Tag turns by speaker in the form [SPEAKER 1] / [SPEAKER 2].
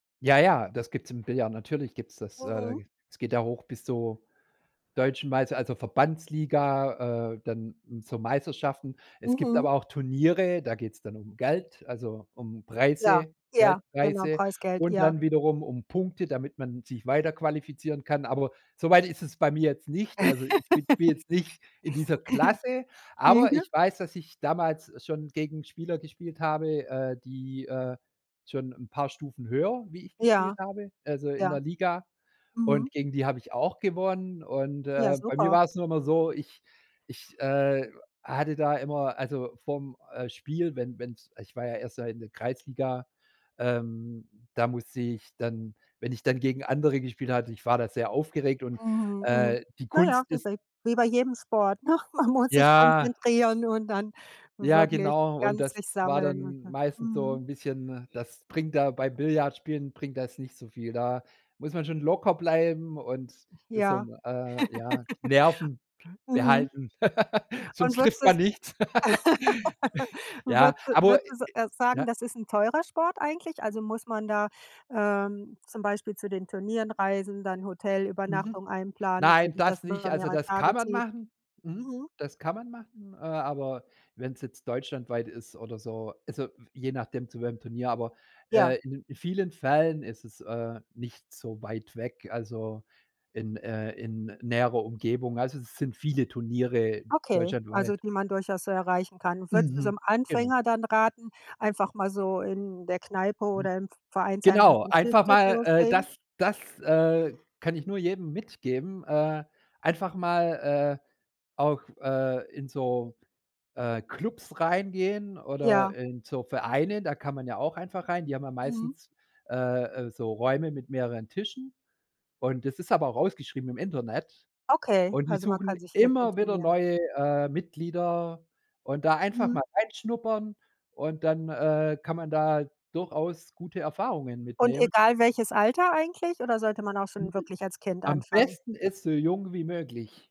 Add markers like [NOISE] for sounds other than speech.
[SPEAKER 1] Ja, ja, das gibt's im Billard, natürlich gibt's das, äh, da
[SPEAKER 2] Warum?
[SPEAKER 1] es geht ja hoch bis zur Deutschen Meister also Verbandsliga, äh, dann zur Meisterschaften. Es gibt
[SPEAKER 2] Mhm.
[SPEAKER 1] aber auch Turniere, da geht's dann um Geld, also, um
[SPEAKER 2] Ja,
[SPEAKER 1] Preise,
[SPEAKER 2] ja, genau,
[SPEAKER 1] Geldpreise
[SPEAKER 2] Preisgeld,
[SPEAKER 1] und
[SPEAKER 2] ja.
[SPEAKER 1] dann wiederum um Punkte, damit man sich weiterqualifizieren kann. Aber so weit ist es bei mir jetzt nicht. Also, ich bin spielw
[SPEAKER 2] [LAUGHS]
[SPEAKER 1] jetzt nicht in dieser Klasse,
[SPEAKER 2] [UNINTELLIGIBLE]
[SPEAKER 1] aber
[SPEAKER 2] [UNINTELLIGIBLE]
[SPEAKER 1] ich weiß, dass ich damals schon gegen Spieler gespielt habe, äh, die, äh, schon 'n paar Stufen höher, wie ich
[SPEAKER 2] Ja,
[SPEAKER 1] gespielt habe, also, in
[SPEAKER 2] ja.
[SPEAKER 1] der Liga.
[SPEAKER 2] Mhm.
[SPEAKER 1] Und gegen die habe ich auch gewonnen. Und,
[SPEAKER 2] Ja,
[SPEAKER 1] äh, bei mir
[SPEAKER 2] super.
[SPEAKER 1] war es nur immer so, ich ich, äh, hatte da immer also, vorm, äh, Spiel, wenn wenn es ich war ja erst mal in der Kreisliga, ähm, da musste ich dann wenn ich dann gegen andere gespielt hatte, ich war da sehr aufgeregt und,
[SPEAKER 2] Mhm, mhm.
[SPEAKER 1] äh, die
[SPEAKER 2] Na ja,
[SPEAKER 1] Kunst
[SPEAKER 2] wie
[SPEAKER 1] ist
[SPEAKER 2] bei wie bei jedem Sport, ne? Man muss sich
[SPEAKER 1] Ja.
[SPEAKER 2] konzentrieren und dann
[SPEAKER 1] Ja,
[SPEAKER 2] wirklich
[SPEAKER 1] genau und
[SPEAKER 2] ganz sich
[SPEAKER 1] das war
[SPEAKER 2] sammeln.
[SPEAKER 1] dann
[SPEAKER 2] [UNINTELLIGIBLE]
[SPEAKER 1] meistens so
[SPEAKER 2] Mhm.
[SPEAKER 1] 'n bisschen das bringt da bei Billardspielen bringt das nicht so viel. Da muss man schon locker bleiben und das so
[SPEAKER 2] Ja.
[SPEAKER 1] 'n, äh ja, die Nerven
[SPEAKER 2] [LAUGHS] Mhm.
[SPEAKER 1] behalten. [LAUGHS]
[SPEAKER 2] Und
[SPEAKER 1] Sonst
[SPEAKER 2] würdest
[SPEAKER 1] trifft
[SPEAKER 2] du
[SPEAKER 1] man
[SPEAKER 2] es
[SPEAKER 1] nichts. [LAUGHS]
[SPEAKER 2] [LAUGHS]
[SPEAKER 1] Ja,
[SPEAKER 2] würdes
[SPEAKER 1] aber ä ä
[SPEAKER 2] würdest, äh, sagen,
[SPEAKER 1] ja?
[SPEAKER 2] das ist 'n teurer Sport eigentlich? Also, muss man da, ähm, zum Beispiel zu den Turnieren reisen, dann
[SPEAKER 1] Mhm.
[SPEAKER 2] Hotelübernachtungen einplanen, weil
[SPEAKER 1] Nein,
[SPEAKER 2] sich das
[SPEAKER 1] das
[SPEAKER 2] über
[SPEAKER 1] nicht, also,
[SPEAKER 2] mehrere
[SPEAKER 1] das kann
[SPEAKER 2] Tage
[SPEAKER 1] man
[SPEAKER 2] zieht?
[SPEAKER 1] machen. Mhm.
[SPEAKER 2] Mhm.
[SPEAKER 1] Das kann man machen, äh, aber wenn es jetzt deutschlandweit ist oder so, also, je nachdem zu welchem Turnier, aber,
[SPEAKER 2] Ja.
[SPEAKER 1] äh, in in vielen Fällen ist es, äh, nicht so weit weg, also, in, äh in näherer Umgebung, also, es sind viele Turniere
[SPEAKER 2] Okay, also,
[SPEAKER 1] deutschlandweit.
[SPEAKER 2] die man durchaus erreichen kann. Würdest du so
[SPEAKER 1] Mhm.
[SPEAKER 2] 'nem
[SPEAKER 1] Genau.
[SPEAKER 2] Anfänger dann raten, einfach mal so in der Kneipe
[SPEAKER 1] Hm.
[SPEAKER 2] oder im V Vereinsheim
[SPEAKER 1] Genau, einfach
[SPEAKER 2] [UNINTELLIGIBLE]
[SPEAKER 1] mal, äh
[SPEAKER 2] loslegen?
[SPEAKER 1] das das, äh, kann ich nur jedem mitgeben, äh, einfach mal, äh, auch, äh, in so, äh, Klubs reingehen oder
[SPEAKER 2] Ja.
[SPEAKER 1] in so Vereine, da kann man ja auch einfach rein. Die haben ja
[SPEAKER 2] Mhm.
[SPEAKER 1] meistens, äh, äh, so Räume mit mehreren Tischen. Und das ist aber auch ausgeschrieben im Internet.
[SPEAKER 2] Okay,
[SPEAKER 1] Und die
[SPEAKER 2] also, man
[SPEAKER 1] suchen
[SPEAKER 2] kann sich.
[SPEAKER 1] immer wieder
[SPEAKER 2] [UNINTELLIGIBLE]
[SPEAKER 1] neue, äh, Mitglieder. Und da einfach mal
[SPEAKER 2] Mhm.
[SPEAKER 1] reinschnuppern und dann, äh, kann man da durchaus gute Erfahrungen
[SPEAKER 2] Und
[SPEAKER 1] mitnehmen.
[SPEAKER 2] egal welches Alter eigentlich oder sollte man auch schon wirklich als Kind
[SPEAKER 1] Am
[SPEAKER 2] anfangen?
[SPEAKER 1] besten ist, so jung wie möglich.